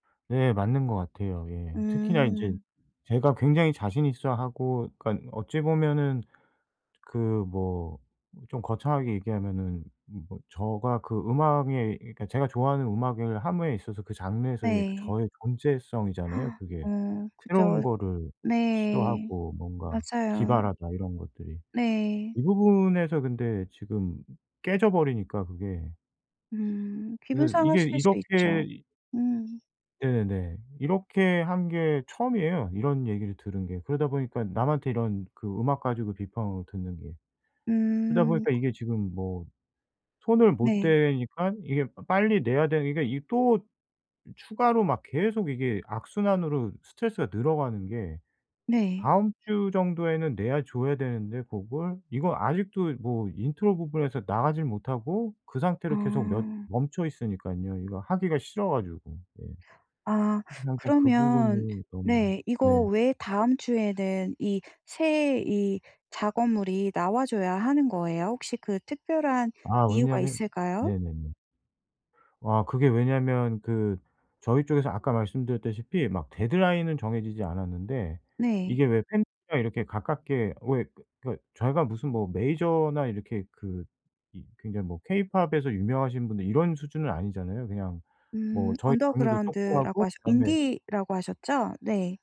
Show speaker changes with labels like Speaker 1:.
Speaker 1: 네 맞는 것 같아요. 예. 특히나 이제
Speaker 2: 음.
Speaker 1: 제가 굉장히 자신 있어 하고 그러니까 어찌 보면은 그 뭐 좀 거창하게 얘기하면은 뭐 저가 그 음악에 그니까 제가 좋아하는 음악을 함에 있어서 그 장르에서의 그
Speaker 2: 네.
Speaker 1: 저의 존재성이잖아요
Speaker 2: 어
Speaker 1: 그게. 새로운
Speaker 2: 그죠.
Speaker 1: 거를
Speaker 2: 네.
Speaker 1: 시도하고 뭔가
Speaker 2: 맞아요.
Speaker 1: 기발하다 이런 것들이.
Speaker 2: 네.
Speaker 1: 이 부분에서 근데 지금 깨져 버리니까 그게.
Speaker 2: 음 기분
Speaker 1: 그래서 이게
Speaker 2: 상하실 수 있죠.
Speaker 1: 이렇게 이
Speaker 2: 음.
Speaker 1: 네네네. 이렇게 한 게 처음이에요. 이런 얘기를 들은 게. 그러다 보니까 남한테 이런 그 음악 가지고 비판을 듣는 게. 그러다
Speaker 2: 음.
Speaker 1: 보니까
Speaker 2: 그
Speaker 1: 이게 지금 뭐 손을 못
Speaker 2: 네.
Speaker 1: 대니깐 이게 빠 빨리 내야 되는 게 이게 또 추가로 막 계속 이게 악순환으로 스트레스가 늘어가는 게
Speaker 2: 네.
Speaker 1: 다음 주 정도에는 내야 줘야 되는데 그걸 이거 아직도 뭐 intro 부분에서 나가질 못하고 그 상태로 계속 몇
Speaker 2: 아.
Speaker 1: 멈춰 있으니깐요. 이거 하기가 싫어가지고. 예.
Speaker 2: 아.
Speaker 1: 그래서 항상 그
Speaker 2: 그러면
Speaker 1: 부분이 너무
Speaker 2: 네
Speaker 1: 네.
Speaker 2: 이거 왜 다음 주에는 이 새 이 작업물이 나와줘야 하는 거예요? 혹시 그 특별한
Speaker 1: 아
Speaker 2: 이유가
Speaker 1: 왜냐면
Speaker 2: 있을까요?
Speaker 1: 네네네. 아 그게 왜냐면 그 저희 쪽에서 아까 말씀드렸다시피 막 데드라인은 정해지지 않았는데
Speaker 2: 네.
Speaker 1: 이게 왜 팬이랑 이렇게 가깝게 왜 그 그 저희가 무슨 뭐 메이저나 이렇게 그 이 굉장히 뭐 케이팝에서 유명하신 분들 이런 수준은 아니잖아요. 그냥 뭐
Speaker 2: 음.
Speaker 1: 저희 장르도
Speaker 2: 언더그라운드라고
Speaker 1: 쪼그맣고
Speaker 2: 하셨
Speaker 1: 다음에
Speaker 2: 인디라고 하셨죠? 네.